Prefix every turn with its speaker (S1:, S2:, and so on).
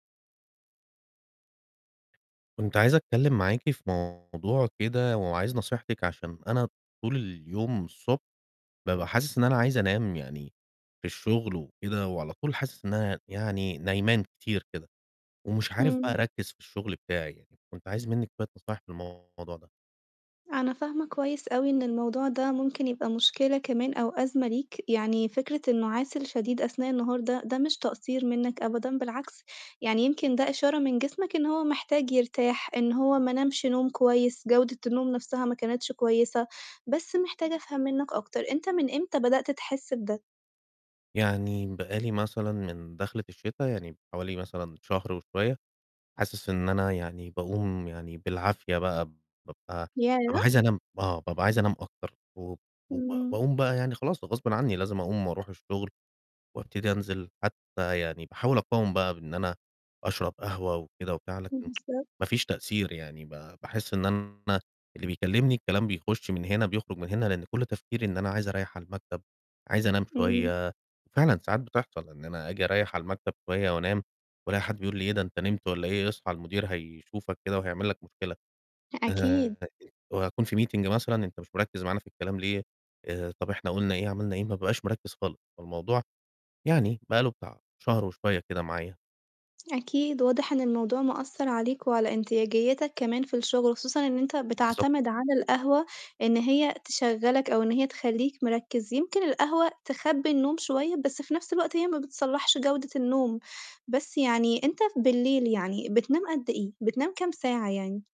S1: كنت عايز أتكلِّم معاكِ في موضوع كده وعايز نصيحتِك عشان أنا طول اليوم الصبح بابقى حاسس إن أنا عايز أنام يعني في الشُغل وكده وعلى طول حاسس إن أنا يعني نايمان كتير كده، ومش عارف بقى
S2: إمم.
S1: أركِّز في الشُغل بتاعي يعني. كنت عايز منِّك شوية نصايح في الموضوع ده.
S2: أنا فاهمة كويس أوي إن الموضوع ده ممكن يبقى مشكلة كمان أو أزمة ليك، يعني فكرة النُعاس الشديد أثناء النهار ده، ده مش تقصير منّك أبدًا، بالعكس، يعني يمكن ده إشارة من جسمك إن هو محتاج يرتاح، إن هو ما نامش نوم كويس، جودة النوم نَفْسها ما كانتش كويسة. بس محتاجة أفهم منّك أكتر، أنت من إمتى بدأت تحس بده؟
S1: يعني بقى لي مثلًا من دَخلة الشِتا يعني حوالي مثلًا شهر وشوية، حاسس إن أنا يعني باقوم يعني بالعافية بقى، بابقى بابقى
S2: ياه!
S1: عايز أنام آه، بابقى عايز أنام أكتر و وب
S2: إمم.
S1: باقوم بقى يعني خلاص غصبٍ عنّي لازم أقوم وأروح الشُغل وأبتدي أنزِل، حتّى يعني باحاول أقاوم بقى بإن أنا أشرب قهوة وكده وبتاع لكن ما
S2: بالضبط.
S1: فيش تأثير يعني ب باحس إن أنا اللي بيكلِّمني الكلام بيخُش من هنا بيخرُج من هنا لإن كل تفكيري إن أنا عايز أريَّح على المكتب، عايز أنام
S2: إمم.
S1: شوية، فعلًا ساعات بتحصل إن أنا آجي أريَّح على المكتب شوية وأنام وألاقي حد بيقول لي: "إيه ده أنت نِمت والّا إيه؟ اصحى المدير هيشوفك كده وهيعمل لك مشكلة."
S2: أكيد.
S1: آآ وأكون فيه meeting مثلًا، "أنت مش مِركِّز معانا في الكلام ليه؟ آآ طَب إحنا قُلنا إيه، عملنا إيه؟" ما بابقاش مِركِّز خالص. فالموضوع يعني بقى له بتاع شهر وشوية كده معايا.
S2: أكيد. واضح إن الموضوع مأثّر عليك وعلى انتاجيّتك كمان في الشُغل، وخصوصًا إن أنت
S1: بالضبط.
S2: بتعتمد على القهوة إن هي تشغَّلك أو إن هي تخلّيك مركِّز، يمكن القهوة تخبّي النوم شوية، بس في نَفْس الوقت هي ما بتصلَّحش جودة النوم. بس يعني أنت بالليل يعني بتنام قد إيه، بتنام كام ساعة يعني؟